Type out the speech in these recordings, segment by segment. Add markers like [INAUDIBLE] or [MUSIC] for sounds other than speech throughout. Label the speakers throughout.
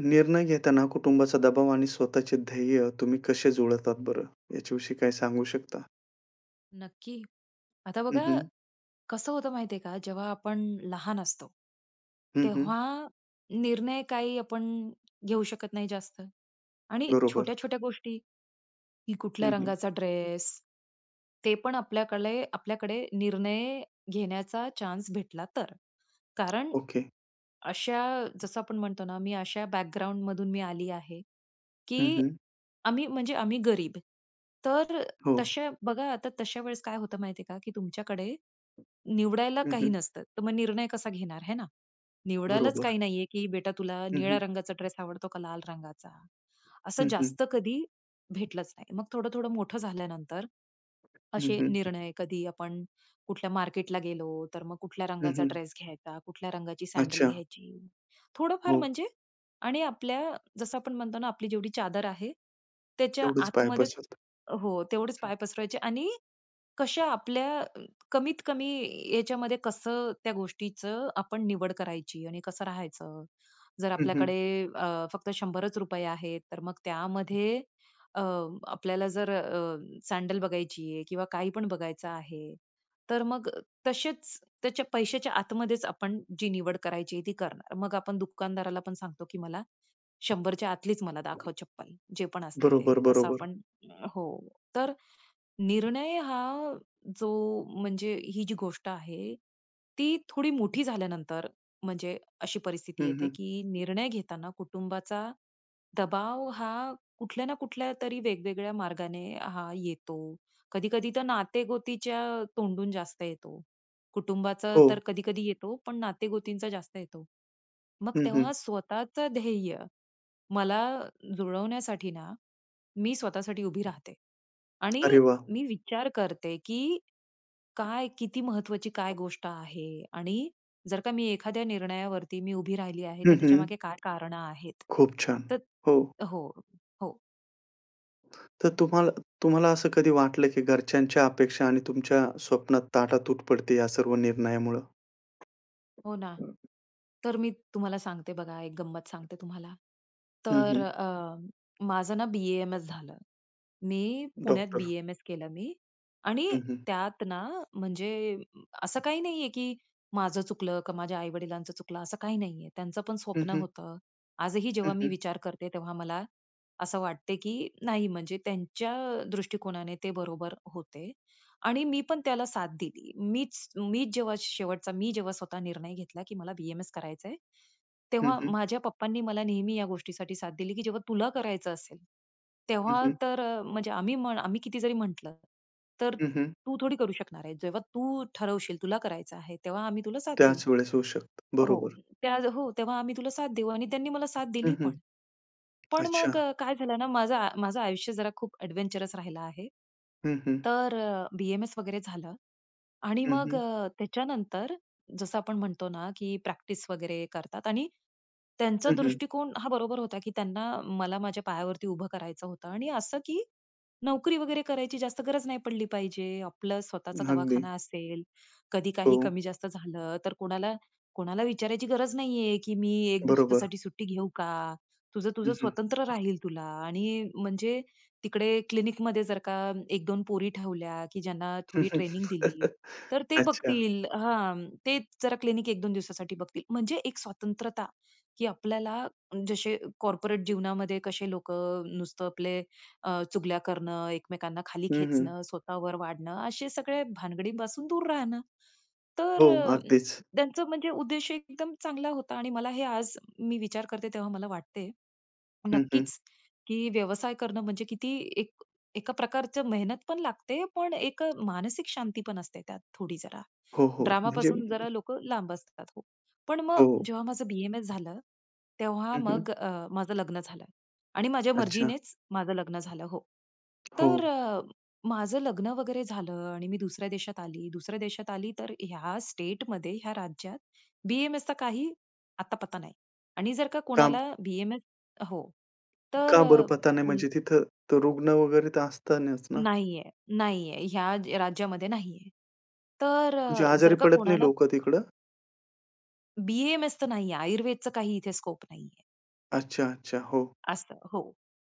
Speaker 1: निर्णय घेताना कुटुंबाचा दबाव आणि स्वतःचे ध्येय तुम्ही कसे जुळतात बरं? ह्याच्याविषयी काय सांगू शकता?
Speaker 2: नक्की. आता
Speaker 1: हं,
Speaker 2: बघा,
Speaker 1: हं.
Speaker 2: कसं होतं माहितीये का? जेव्हा आपण लहान असतो
Speaker 1: हं, हं.
Speaker 2: तेव्हा, तेव्हा निर्णय काही आपण घेऊ शकत नाही जास्त. आणि
Speaker 1: बरोबर.
Speaker 2: छोट्या-छोट्या गोष्टी, की कुठल्या
Speaker 1: हं, हं.
Speaker 2: रंगाचा ड्रेस ते पण आपल्याकले आपल्याकडे निर्णय घेण्याचा चान्स भेटला तर. कारण,
Speaker 1: ओके.
Speaker 2: अशा जसं आपण म्हणतो ना मी अशा बॅकग्राऊंड मधून मी आली आहे,
Speaker 1: हं,
Speaker 2: की,
Speaker 1: हं.
Speaker 2: आम्ही म्हणजे आम्ही गरीब तर
Speaker 1: हो.
Speaker 2: तसे बघा, आता तशा वेळेस काय होतं माहितीये का की तुमच्याकडे निवडायला
Speaker 1: हं,
Speaker 2: काही
Speaker 1: हं
Speaker 2: नसतं. तर मग निर्णय कसा घेणार हे ना? निवडायलाच
Speaker 1: बरोबर.
Speaker 2: काही नाहीये की बेटा तुला
Speaker 1: हं,
Speaker 2: निळ्या
Speaker 1: हं.
Speaker 2: रंगाचा ड्रेस आवडतो का? लाल रंगाचा? असं
Speaker 1: हं, हं.
Speaker 2: जास्त कधी भेटलंच नाही. मग थोडं-थोडं मोठं झाल्यानंतर,
Speaker 1: हं,
Speaker 2: असे
Speaker 1: हं.
Speaker 2: निर्णय कधी आपण कुठल्या मार्केटला गेलो, तर मग कुठल्या
Speaker 1: हं,
Speaker 2: रंगाचा
Speaker 1: हं.
Speaker 2: ड्रेस घ्यायचा, कुठल्या रंगाची सॅडल
Speaker 1: अच्छा.
Speaker 2: घ्यायची, थोडं-फार
Speaker 1: हो.
Speaker 2: म्हणजे आणि आपल्या जसं आपण म्हणतो ना आपली जेवढी चादर आहे, त्याच्या
Speaker 1: तेवढेच पाय
Speaker 2: आतमध्येच
Speaker 1: पसरवतात.
Speaker 2: हो तेवढेच पाय पसरवायचे आणि, कशा आपल्या कमीत-कमी याच्यामध्ये कसं त्या गोष्टीचं आपण निवड करायची आणि कसं राहायचं, जर
Speaker 1: हं, हं.
Speaker 2: आपल्याकडे फक्त 100च आहेत तर मग त्यामध्ये अ, आपल्याला जर सॅडल बघायची आहे किंवा काही पण बघायचं आहे, तर मग तसेच त्याच्या पैशाच्या आतमध्येच आपण, जी निवड करायची आहे ती करणार. मग आपण दुकानदाराला पण सांगतो की मला 100च्या आतलीच मला दाखव चप्पल. जे पण असते
Speaker 1: बरोबर,
Speaker 2: ते असं
Speaker 1: बरोबर.
Speaker 2: आपण हो तर निर्णय हा जो म्हणजे ही जी गोष्ट आहे ती थोडी
Speaker 1: हं.
Speaker 2: मोठी झाल्यानंतर म्हणजे अशी परिस्थिती
Speaker 1: हं,
Speaker 2: येते
Speaker 1: हं.
Speaker 2: की निर्णय घेताना कुटुंबाचा दबाव हा कुठल्या ना कुठल्यातरी वेगवेगळ्या मार्गाने हा येतो. कधी कधी तर नाते-गोतीच्या तोंडून जास्त येतो. कुटुंबाचं तर
Speaker 1: हो.
Speaker 2: कधी कधी येतो पण नाते-गोतींचा जास्त येतो. मग
Speaker 1: हं, हं.
Speaker 2: तेव्हा स्वतःचं ध्येय मला जुळवण्यासाठी ना मी स्वतःसाठी उभी राहते. आणि
Speaker 1: अरे वाह!
Speaker 2: मी विचार करते की काय किती महत्वाची काय गोष्ट आहे आणि जर का मी एखाद्या निर्णयावरती मी उभी राहिली आहे
Speaker 1: हं,
Speaker 2: तर
Speaker 1: हं.
Speaker 2: त्याच्यामागे काय कारणं आहेत?
Speaker 1: खूप छान!
Speaker 2: तर
Speaker 1: हो.
Speaker 2: हो हो.
Speaker 1: तर तुम्हा तुम्हाला असं कधी वाटलं की घरच्यांच्या अपेक्षा आणि तुमच्या स्वप्नात ताटातूट पडतेयं या सर्व निर्णयामुळं?
Speaker 2: हो ना. तर मी तुम्हाला सांगते बघा, एक गंमत सांगते तुम्हाला.
Speaker 1: हं,
Speaker 2: तर,
Speaker 1: हं.
Speaker 2: अ, माझं ना बी-ए-एम-एस झालं. मी पुण्यात
Speaker 1: डॉक्टर.
Speaker 2: बी-एम-एस केलं मी आणि
Speaker 1: हं, हं.
Speaker 2: त्यात ना म्हणजे असं काही नाहीये की माझं चुकलं, का माझ्या आई-वडिलांचं चुकलं, असं काही नाहीये. त्यांचं पण
Speaker 1: हं,
Speaker 2: स्वप्न
Speaker 1: हं.
Speaker 2: होतं. आजही
Speaker 1: हं,
Speaker 2: जेव्हा मी
Speaker 1: हं.
Speaker 2: विचार करते, तेव्हा मला असं वाटते की नाही म्हणजे त्यांच्या दृष्टिकोनाने ते बरोबर होते. आणि मी पण त्याला साथ दिली. मीच, मीच जेव्हा शेवटचा मी जेव्हा स्वतः निर्णय घेतला की मला बी-एम-एस करायचंय.
Speaker 1: हं,
Speaker 2: तेव्हा
Speaker 1: हं.
Speaker 2: माझ्या पप्पांनी मला नेहमी या गोष्टीसाठी साथ दिली, की जेव्हा तुला करायचं असेल,
Speaker 1: हं,
Speaker 2: तेव्हा
Speaker 1: हं.
Speaker 2: तर, अ, म्हणजे आम्ही, आम्ही किती जरी म्हटलं तर
Speaker 1: हं, हं.
Speaker 2: तू थोडी करू शकणार आहे? जेव्हा तू ठरवशील तुला करायचं आहे तेव्हा आम्ही तुला साथ देऊ.
Speaker 1: त्याच वेळेस होऊ शकतं.
Speaker 2: हो,
Speaker 1: बरोबर.
Speaker 2: हो. तेव्हा आम्ही तुला साथ देऊ आणि त्यांनी मला साथ
Speaker 1: हं,
Speaker 2: दिली
Speaker 1: हं.
Speaker 2: पण. पण
Speaker 1: अच्छा.
Speaker 2: मग काय झालं ना, माझं, माझं आयुष्य जरा खूप एडव्हेंचरस राहिलं आहे.
Speaker 1: हं, हं.
Speaker 2: तर बी-एम-एस वगैरे झालं आणि
Speaker 1: हं,
Speaker 2: मग
Speaker 1: हं
Speaker 2: त्याच्यानंतर जसं आपण म्हणतो ना, की प्रॅक्टिस वगैरे करतात आणि त्यांचा
Speaker 1: हं, हं.
Speaker 2: दृष्टिकोन हां बरोबर होता की त्यांना मला माझ्या पायावरती उभं करायचं होतं आणि असं की नोकरी वगैरे करायची जास्त गरज नाही पडली पाहिजे. आपलं स्वतःचा
Speaker 1: अगदी.
Speaker 2: दवाखाना असेल, कधी काही
Speaker 1: हो.
Speaker 2: कमी जास्त झालं तर कोणाला, कोणाला विचारायची गरज नाहीये की "मी 1
Speaker 1: बरोबर.
Speaker 2: दिवसासाठी सुट्टी घेऊ का?" तुझं, तुझं
Speaker 1: हं, हं.
Speaker 2: स्वतंत्र राहील तुला आणि म्हणजे तिकडे क्लिनिकमध्ये जर का 1-2 पोरी ठेवल्या की ज्यांना थोडी ट्रेनिंग दिली,
Speaker 1: [LAUGHS]
Speaker 2: तर ते
Speaker 1: अच्छा.
Speaker 2: बघतील हां, ते जरा क्लिनिक 1-2 दिवसासाठी बघतील. म्हणजे एक स्वतंत्रता की आपल्याला जसे कॉर्पोरेट जीवनामध्ये कसे लोकं नुसतं, अ, आपले चुगल्या करणं, एकमेकांना खाली
Speaker 1: हं, हं.
Speaker 2: खेचणं, स्वतःवर वाढणं असे सगळ्या भानगडींपासून दूर राहणं.
Speaker 1: हो,
Speaker 2: तर, अ,
Speaker 1: अगदीच.
Speaker 2: त्यांचं म्हणजे उद्देश एकदम चांगला होता आणि मला हे आज मी विचार करते तेव्हा मला वाटते,
Speaker 1: हं, हं.
Speaker 2: नक्कीच की व्यवसाय करणं म्हणजे किती एक एका प्रकारची मेहनत पण लागते, पण एक मानसिक शांतीपण असते त्यात थोडी जरा.
Speaker 1: हो, हो. म्हणजे?
Speaker 2: ड्रामापासून
Speaker 1: [UNINTELLIGIBLE]
Speaker 2: जरा लोकं लांब असतात हो. पण मग
Speaker 1: हो.
Speaker 2: जेव्हा माझं बी-एम-एस झालं तेव्हा
Speaker 1: हं, हं.
Speaker 2: मग, अ, माझं लग्न झालं. आणि माझ्या
Speaker 1: अच्छा.
Speaker 2: मर्जीनेच माझं लग्न झालं हो.
Speaker 1: हो.
Speaker 2: तर, अ, माझं लग्न वगैरे झालं आणि मी दुसऱ्या देशात आली. दुसऱ्या देशात आली तर ह्या स्टेटमध्ये ह्या राज्यात बी-एम-एसचा काही अता-पता नाही. आणि जर का
Speaker 1: काम
Speaker 2: कोणाला बी-एम-एस हो, तर,
Speaker 1: का बरं
Speaker 2: अ,
Speaker 1: पता नाही?
Speaker 2: फून [UNINTELLIGIBLE]
Speaker 1: म्हणजे तिथं तर रुग्ण वगैरे असतीलच ना?
Speaker 2: नाहीये, नाहीये. ह्या राज्यामध्ये नाहीये. तर
Speaker 1: म्हणजे
Speaker 2: अ,
Speaker 1: आजारी
Speaker 2: जर का
Speaker 1: पडत नाही
Speaker 2: कोणाला
Speaker 1: लोकं तिकडं?
Speaker 2: BAMS तर नाहीये. आयुर्वेदच काही इथे स्कोप नाहीये.
Speaker 1: अच्छा, अच्छा. हो.
Speaker 2: असतं, हो.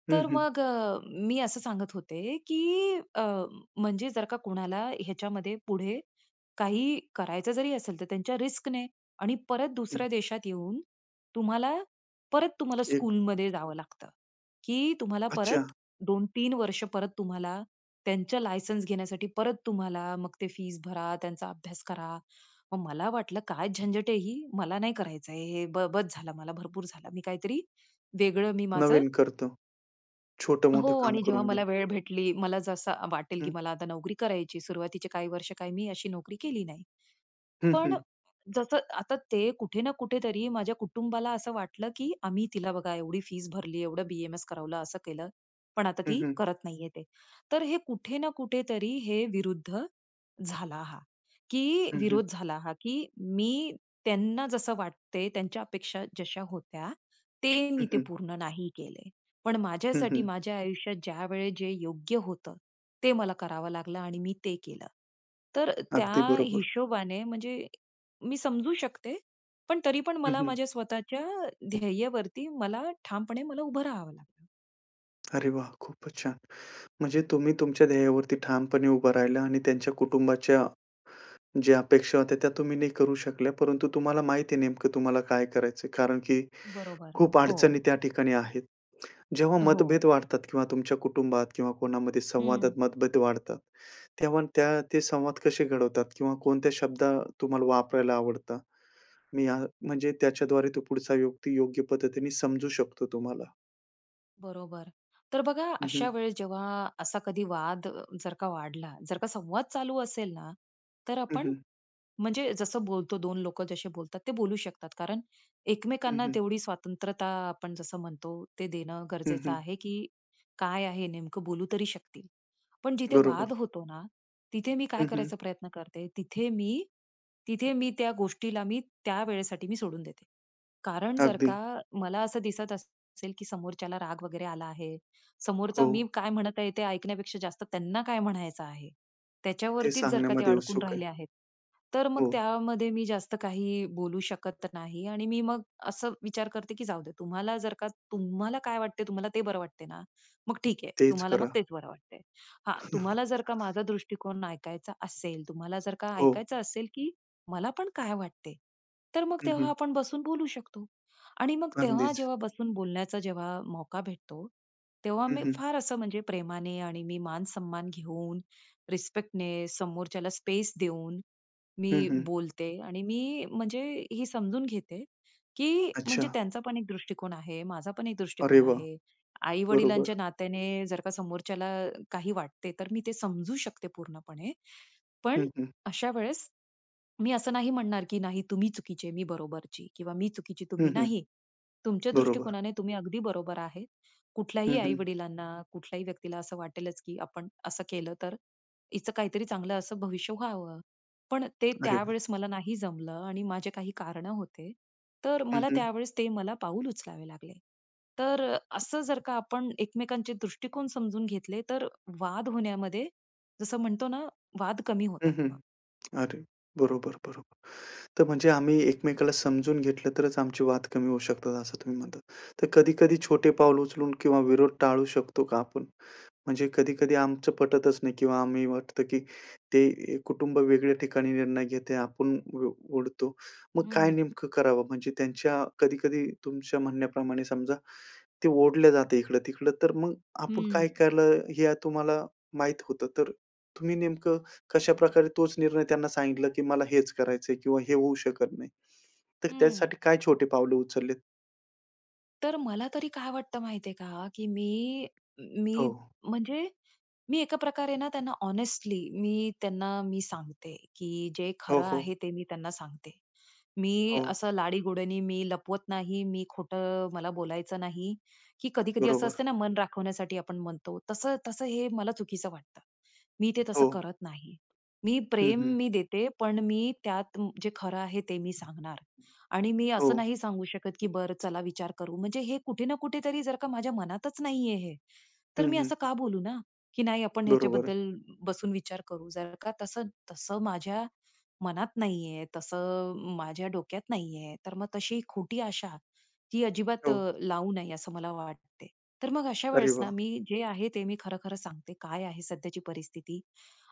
Speaker 1: हं,
Speaker 2: तर
Speaker 1: हं.
Speaker 2: मग अ, मी असं सांगत होते, की अ, म्हणजे जर का कोणाला ह्याच्यामध्ये पुढे, काही करायचं जरी असेल, तर त्यांच्या रिस्कने, आणि परत
Speaker 1: हं.
Speaker 2: दुसऱ्या देशात येऊन, तुम्हाला, परत तुम्हाला
Speaker 1: एक
Speaker 2: स्कूलमध्ये जावं लागतं. की तुम्हाला
Speaker 1: अच्छा!
Speaker 2: परत 2-3 वर्ष परत तुम्हाला त्यांचं, लायसन्स घेण्यासाठी परत तुम्हाला मग ते फीस भरा, त्यांचा अभ्यास करा. मग मला वाटलं, काय झंझट आहे ही, मला नाही करायच आहे. हे बस झाला मला! भरपूर झाला. मी काहीतरी वेगळं मी माझं
Speaker 1: नवीन करतो.
Speaker 2: हो.
Speaker 1: छोटं-मोठं काम
Speaker 2: आणि जेव्हा
Speaker 1: करून घे.
Speaker 2: मला वेळ भेटली, मला जसं वाटेल की
Speaker 1: हं.
Speaker 2: मला आता नोकरी करायची, सुरुवातीचे काही वर्ष काय, मी अशी नोकरी केली नाही.
Speaker 1: हं,
Speaker 2: पण
Speaker 1: हं.
Speaker 2: जसं आता ते कुठे ना कुठेतरी माझ्या कुटुंबाला असं वाटलं, की आम्ही तिला बघा एवढी फीस भरली, एवढं BAMS करवलं, असं केलं, पण आता
Speaker 1: हं,
Speaker 2: ती
Speaker 1: हं.
Speaker 2: करत नाहीये ते. तर हे कुठे ना कुठेतरी हे विरुद्ध झाला हा. झाला हा की
Speaker 1: हं, हं.
Speaker 2: विरोध झाला हा, की मी त्यांना जसं वाटतं, त्यांच्या अपेक्षा जश्या होत्या, ते मी
Speaker 1: हं, हं.
Speaker 2: पूर्ण नाही केलं. पण
Speaker 1: हं,
Speaker 2: माझ्यासाठी
Speaker 1: हं.
Speaker 2: माझ्या आयुष्यात ज्यावेळी जे योग्य होतं, ते मला करावं लागलं आणि मी ते केलं. तर
Speaker 1: अगदी
Speaker 2: त्या
Speaker 1: बरोबर.
Speaker 2: हिशोबाने म्हणजे मी समजू शकते. पण तरीपण
Speaker 1: हं,
Speaker 2: मला
Speaker 1: हं.
Speaker 2: माझ्या स्वतःच्या ध्येयावरती मला ठामपणे उभं राहावं
Speaker 1: अरे वाह! खूपच छान. म्हणजे तुम्ही तुमच्या धैर्यावरती ठामपणे उभा राहिला आणि त्यांच्या कुटुंबाच्या, ज्या अपेक्षा होत्या त्या तुम्ही नाही करू शकल्या. परंतु तुम्हाला माहिती आहे, नेमकं तुम्हाला काय करायच आहे कारण, की
Speaker 2: बरोबर,
Speaker 1: खूप
Speaker 2: हो.
Speaker 1: अडचणी त्या ठिकाणी आहेत. जेव्हा
Speaker 2: अ, हो.
Speaker 1: मतभेद वाढतात किंवा तुमच्या कुटुंबात किंवा कोणामध्ये संवादात
Speaker 2: हं.
Speaker 1: मतभेद वाढतात. तेव्हा त्या ते संवाद कसे घडवतात किंवा कोणत्या शब्द तुम्हाला वापरायला आवडतात? मी आ म्हणजे त्याच्याद्वारे तो पुढचा युक्ती योग्य पद्धतीने समजू शकतो तुम्हाला.
Speaker 2: बरोबर. तर बघा
Speaker 1: हं, हं.
Speaker 2: अशा वेळेस जेव्हा, असा कधी वाद अ, जर का वाढला जर का संवाद चालू असेल ना, तर
Speaker 1: हं,
Speaker 2: आपण
Speaker 1: हं.
Speaker 2: म्हणजे जसं बोलतो 2 लोक जसे बोलतात ते बोलू शकतात. कारण
Speaker 1: हं,
Speaker 2: एकमेकांना
Speaker 1: हं.
Speaker 2: तेवढी स्वातंत्रता आपण जसं म्हणतो, ते देणं
Speaker 1: हं,
Speaker 2: गरजेचं
Speaker 1: हं.
Speaker 2: आहे, की काय आहे नेमकं बोलू तरी शकतील. पण जिथे
Speaker 1: बरोबर.
Speaker 2: वाद होतो ना, तिथे मी काय
Speaker 1: हं, हं.
Speaker 2: करायचा प्रयत्न करते तिथे मी, तिथे मी त्या गोष्टीला मी त्या वेळेसाठी मी सोडून देते. कारण जर का
Speaker 1: अगदी.
Speaker 2: मला असं दिसत असेल, की समोरच्याला राग वगैरे आला आहे, समोरचा
Speaker 1: हो.
Speaker 2: मी काय म्हणत आहे ते ऐकण्यापेक्षा जास्त त्यांना काय म्हणायचं आहे.
Speaker 1: ते
Speaker 2: त्याच्यावरतीच जर का ते
Speaker 1: सांगण्यामध्ये
Speaker 2: अडकून
Speaker 1: उत्सुक आहे.
Speaker 2: राहिले आहेत. तर मग
Speaker 1: हो.
Speaker 2: त्यामध्ये मी जास्त काही बोलू शकत नाही आणि मी मग असं विचार करते की जाऊ दे, तुम्हाला जर का तुम्हाला काय वाटतंय तुम्हाला ते बरं वाटत ना, मग ठीक आहे
Speaker 1: तेच
Speaker 2: तुम्हाला मग
Speaker 1: करा.
Speaker 2: तेच बरं वाटतंय. हा तुम्हाला जर का
Speaker 1: [CHUCKLES]
Speaker 2: माझा दृष्टिकोन ऐकायचा असेल, तुम्हाला जर का
Speaker 1: हो.
Speaker 2: ऐकायचं असेल, की मला पण काय वाटते? तर मग
Speaker 1: हं,
Speaker 2: तेव्हा
Speaker 1: हं.
Speaker 2: आपण बसून बोलू शकतो. आणि मग तेव्हा
Speaker 1: अगदीच.
Speaker 2: जेव्हा बसून बोलण्याचा जेव्हा मौका भेटतो, तेव्हा
Speaker 1: हं,
Speaker 2: मी
Speaker 1: हं.
Speaker 2: फार असं म्हणजे प्रेमाने आणि मी मान-सम्मान घेऊन, रिस्पेक्टने, समोरच्याला स्पेस देऊन,
Speaker 1: हं,
Speaker 2: मी
Speaker 1: हं.
Speaker 2: बोलते आणि मी म्हणजे ही समजून घेते, की म्हणजे
Speaker 1: अच्छा.
Speaker 2: त्यांचा पण एक दृष्टिकोन आहे, माझा पण एक
Speaker 1: अरे
Speaker 2: दृष्टिकोन
Speaker 1: वाह!
Speaker 2: आहे.
Speaker 1: बरोबर.
Speaker 2: आई-वडिलांच्या नात्याने जर का समोरच्याला काही वाटते तर मी ते समजू शकते पूर्णपणे. पण
Speaker 1: हं, हं.
Speaker 2: अशा वेळेस, मी असं नाही म्हणणार की नाही तुम्ही चुकीचे आहे, मी बरोबरची किंवा मी चुकीची
Speaker 1: हं,
Speaker 2: तुम्ही
Speaker 1: हं.
Speaker 2: नाही. तुमच्या
Speaker 1: बरोबर.
Speaker 2: दृष्टिकोनाने तुम्ही अगदी बरोबर आहे. कुठल्याही
Speaker 1: हं, हं.
Speaker 2: आई-वडिलांना कुठल्याही व्यक्तीला असं वाटेलच की आपण असं केलं तर, हिच काहीतरी चांगलं असं भविष्य व्हावं. पण ते
Speaker 1: अरे वाह!
Speaker 2: त्यावेळेस मला नाही जमलं आणि माझे काही कारण होते. तर
Speaker 1: हं,
Speaker 2: मला
Speaker 1: हं.
Speaker 2: त्यावेळेस ते मला पाऊल उचलावे लागले. तर अ, असं जर का आपण एकमेकांचे दृष्टिकोन समजून घेतले, तर वाद होण्यामध्ये जसं म्हणतो ना वाद कमी
Speaker 1: हं,
Speaker 2: होतात
Speaker 1: हं.
Speaker 2: मग.
Speaker 1: अरे बरोबर, बरोबर. तर म्हणजे आम्ही एकमेकाला समजून घेतलं, तरच आमची वाद कमी होऊ शकतात असं तुम्ही म्हणतात. तर कधी-कधी छोटे पाऊल उचलून किंवा विरोध टाळू शकतो का आपण? म्हणजे कधी-कधी आमचं पटतच नाही किंवा आम्ही वाटतं, की ते ए, कुटुंब वेगळ्या ठिकाणी निर्णय घेते आपण उ उडतो. मग काय
Speaker 2: हं.
Speaker 1: नेमकं करावं म्हणजे त्यांच्या कधी-कधी तुमच्या म्हणण्याप्रमाणे समजा, ते ओढले जाते इकडं-तिकडं तर मग आपण काय
Speaker 2: हं.
Speaker 1: केले, हे तुम्हाला माहीत होतं. तर तुम्ही नेमकं कशाप्रकारे तोच निर्णय त्यांना सांगितलं की मला हेच करायचंय किंवा हे होऊ शकत नाही. तर
Speaker 2: हं.
Speaker 1: त्यासाठी काय छोटे पावले उचललेत?
Speaker 2: तर, मला तरी काय वाटतं माहितीये का? की मी,
Speaker 1: हो.
Speaker 2: मी म्हणजे मी एका प्रकारे ना त्यांना हॉनेस्टली मी त्यांना मी सांगते की जे
Speaker 1: हो,
Speaker 2: खरं
Speaker 1: हो.
Speaker 2: आहे ते मी त्यांना सांगते. मी
Speaker 1: हो.
Speaker 2: असं लाडीगोडीनी मी लपवत नाही, मी खोटं मला बोलायचं नाही की, कधी-कधी असं
Speaker 1: बरोबर.
Speaker 2: असतं ना, मन राखवण्यासाठी आपण म्हणतो, तसं-तसं हे मला चुकीचं वाटतं. मी ते तसं
Speaker 1: हो.
Speaker 2: करत नाही. मी
Speaker 1: हं,
Speaker 2: प्रेम
Speaker 1: हं.
Speaker 2: मी देते, पण मी त्यात जे खरं आहे ते मी सांगणार. आणि मी असं
Speaker 1: हो.
Speaker 2: नाही सांगू शकत की बरं चला विचार करू, म्हणजे हे कुठे ना कुठेतरी जर का माझ्या मनातचं नाहीये हे तर
Speaker 1: हं,
Speaker 2: मी
Speaker 1: हं.
Speaker 2: असं का बोलू ना? की नाही आपण
Speaker 1: बरोबर.
Speaker 2: ह्याच्याबद्दल बसून विचार करू. जर का तसं तसं माझ्या मनात नाहीये. तसं अ, माझ्या डोक्यात नाहीये. तर मग तशी खोटी आशा ही अजिबात
Speaker 1: हो.
Speaker 2: अ, लावू नये असं मला वाटते. तर मग अशा
Speaker 1: अरे
Speaker 2: वेळेस ना
Speaker 1: वाह!
Speaker 2: मी जे आहे, ते मी खरं, खरं सांगते. काय आहे सध्याची परिस्थिती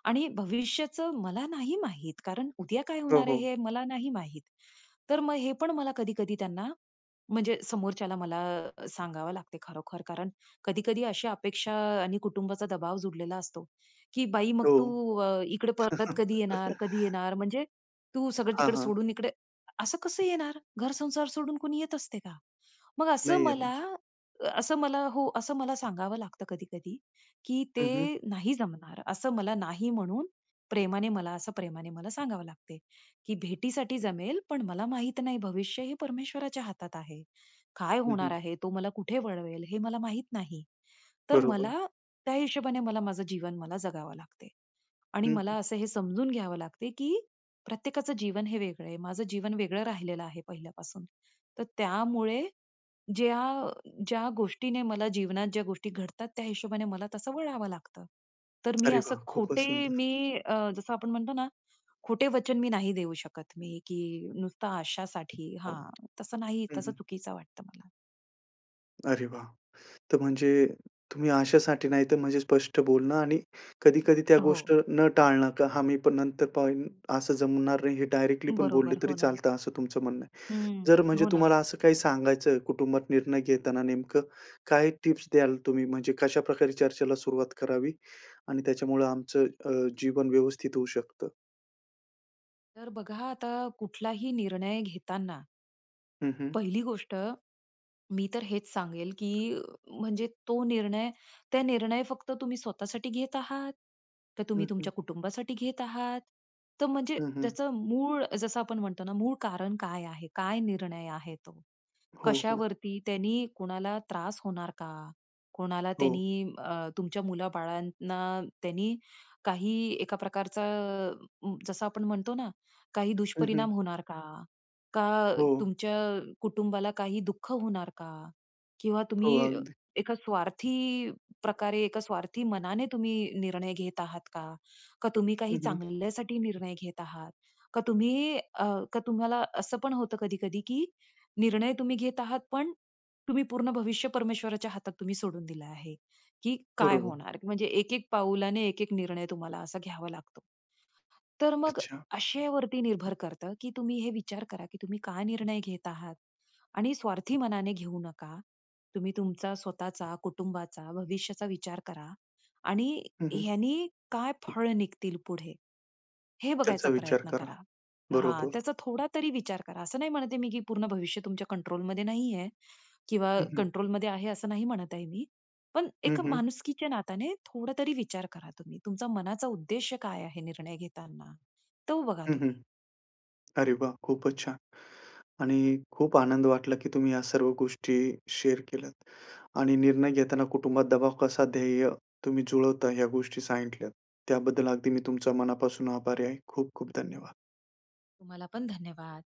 Speaker 2: आणि भविष्याचं मला नाही माहित. कारण उद्या काय
Speaker 1: हो,
Speaker 2: होणार आहे?
Speaker 1: हो.
Speaker 2: हे मला नाही माहित. तर मग हे पण मला कधी-कधी त्यांना, म्हणजे समोरच्याला मला अ, सांगावं लागते. खरोखर कारण कधी-कधी अशी अपेक्षा अ, आणि कुटुंबाचा दबाव जुडलेला असतो. की बाई मग तू
Speaker 1: हो.
Speaker 2: अ, इकडे परत कधी येणार? कधी
Speaker 1: [CHUCKLES]
Speaker 2: येणार? म्हणजे तू सगळं
Speaker 1: हां,
Speaker 2: तिकडे
Speaker 1: हां.
Speaker 2: सोडून इकडे, असं कसं येणार? घर संसार सोडून कोणी येत असते का? मग असं
Speaker 1: नाही
Speaker 2: मला,
Speaker 1: येणार.
Speaker 2: अ, असं मला हो असं मला सांगावं लागतं कधी-कधी. की
Speaker 1: हं, हं.
Speaker 2: ते नाही जमणार असं मला नाही म्हणून, प्रेमाने मला असं, प्रेमाने मला सांगावं लागते. की भेटीसाठी जमेल, पण मला माहित नाही भविष्य हे परमेश्वराच्या हातात आहे. काय
Speaker 1: हं,
Speaker 2: होणार
Speaker 1: हं.
Speaker 2: आहे? तो मला कुठे वळवेल? हे मला माहीत नाही. तर मला
Speaker 1: बरोबर.
Speaker 2: त्या हिशोबाने मला माझं जीवन जगावं लागते. आणि
Speaker 1: हं,
Speaker 2: मला
Speaker 1: हं.
Speaker 2: असं हे समजून घ्यावं लागते की प्रत्येकाचं जीवन हे वेगळं आहे. माझं जीवन वेगळं राहिलेलं आहे पहिल्यापासून. तर त्यामुळे, ज्या अ, ज्या गोष्टीने मला जीवनात ज्या गोष्टी घडतात. त्या हिशोबाने मला तसं वळावं लागतं. तर मी
Speaker 1: अरे
Speaker 2: असं
Speaker 1: वाह! खूपचं
Speaker 2: खोटे,
Speaker 1: सुंदर.
Speaker 2: मी अ, जसं आपण म्हणतो ना, खोटे वचन मी नाही देऊ शकत, मी की नुसता आशासाठी हां
Speaker 1: हं,
Speaker 2: तसं नाही तसं
Speaker 1: हं.
Speaker 2: चुकीचं वाटतं मला.
Speaker 1: अरे वाह! तर म्हणजे तुम्ही अशासाठी नाही तर, म्हणजे स्पष्ट बोलणं आणि कधी, कधी त्या गोष्ट
Speaker 2: हो.
Speaker 1: न टाळणं. का आम्ही पण नंतर पाहून असं जमणार नाही हे डायरेक्टली पण बोलले
Speaker 2: बरोबर,
Speaker 1: तरी
Speaker 2: हो ना.
Speaker 1: चालतं असं तुमचं म्हणणं आहे.
Speaker 2: हं.
Speaker 1: जर म्हणजे
Speaker 2: हो ना.
Speaker 1: तुम्हाला असं काही सांगायचं कुटुंबात निर्णय घेताना नेमकं काय टिप्स द्याल तुम्ही, म्हणजे कशा प्रकारे चर्चेला सुरुवात करावी? आणि त्याच्यामुळं आमचं, अ, जीवन व्यवस्थित होऊ शकतं?
Speaker 2: तर बघा आता कुठलाही निर्णय घेताना
Speaker 1: हं, हं
Speaker 2: पहिली गोष्ट मी तर हेच सांगेल, की म्हणजे तो निर्णय त्या निर्णय फक्त तुम्ही स्वतःसाठी घेत आहात, तर तुम्ही
Speaker 1: हं, हं.
Speaker 2: तुमच्या कुटुंबासाठी घेत आहात तर म्हणजे
Speaker 1: हं, हं.
Speaker 2: त्याचं मूळ जसं आपण म्हणतो ना मूळ कारण काय आहे? काय निर्णय आहे तो?
Speaker 1: हो, हो.
Speaker 2: कशावरती त्यांनी कोणाला त्रास होणार का? कोणाला
Speaker 1: हो.
Speaker 2: त्यांनी, अ, तुमच्या मुलाबाळांना त्यांनी काही एका प्रकारचा जसं आपण म्हणतो ना, काही
Speaker 1: हं, हं.
Speaker 2: दुष्परिणाम होणार का? का
Speaker 1: हो.
Speaker 2: तुमच्या कुटुंबाला काही दुःख होणार का? किंवा
Speaker 1: हो,
Speaker 2: तुम्ही
Speaker 1: अगदी.
Speaker 2: एका स्वार्थी प्रकारे, एका स्वार्थी मनाने तुम्ही निर्णय घेत आहात का? का तुम्ही काही
Speaker 1: हं, हं.
Speaker 2: चांगल्यासाठी निर्णय घेत आहात? का तुम्ही, अ, का तुम्हाला असं पण होतं कधी-कधी की निर्णय तुम्ही घेत आहात. पण तुम्ही पूर्ण भविष्य परमेश्वराच्या हातात तुम्ही सोडून दिलं आहे, की काय
Speaker 1: बरोबर.
Speaker 2: होणार? म्हणजे एक-एक पाऊलाने एक-एक निर्णय तुम्हाला असा घ्यावा लागतो. तर मग
Speaker 1: अच्छा.
Speaker 2: आशेवरती निर्भर करतं की तुम्ही हे विचार करा की तुम्ही काय निर्णय घेत आहात? आणि स्वार्थी मनाने घेऊ नका. तुम्ही तुमचा स्वतःचा, कुटुंबाचा, भविष्याचा विचार करा. आणि
Speaker 1: हं, हं.
Speaker 2: ह्यांनी काय फळ निघतील पुढे? हे बघायचा
Speaker 1: त्याचा विचार
Speaker 2: प्रयत्न
Speaker 1: करा.
Speaker 2: करा. हा
Speaker 1: बरोबर.
Speaker 2: त्याचा थोडा तरी विचार करा असं नाही म्हणत आहे मी की पूर्ण भविष्य तुमच्या कंट्रोलमध्ये नाही आहे किंवा
Speaker 1: हं, हं.
Speaker 2: कंट्रोलमध्ये आहे असं नाही म्हणत आहे मी. पण
Speaker 1: हं,
Speaker 2: एक
Speaker 1: हं.
Speaker 2: माणुसकीच्या नात्याने थोडा तरी विचार करा तुम्ही. तुमचा मनाचा उद्देश काय आहे निर्णय घेताना? तो बघा
Speaker 1: हं, हं.
Speaker 2: तुम्ही.
Speaker 1: अरे वाह! खूपच छान. आणि खूप आनंद वाटला की तुम्ही ह्या सर्व गोष्टी शेअर केल्यात आणि निर्णय घेताना कुटुंबात दबाव कसा ध्येय, तुम्ही जुळवता ह्या गोष्टी सांगितल्यात. त्याबद्दल अगदी मी तुमच्या मनापासून आभारी आहे. खूप खूप धन्यवाद.
Speaker 2: तुम्हाला पण धन्यवाद.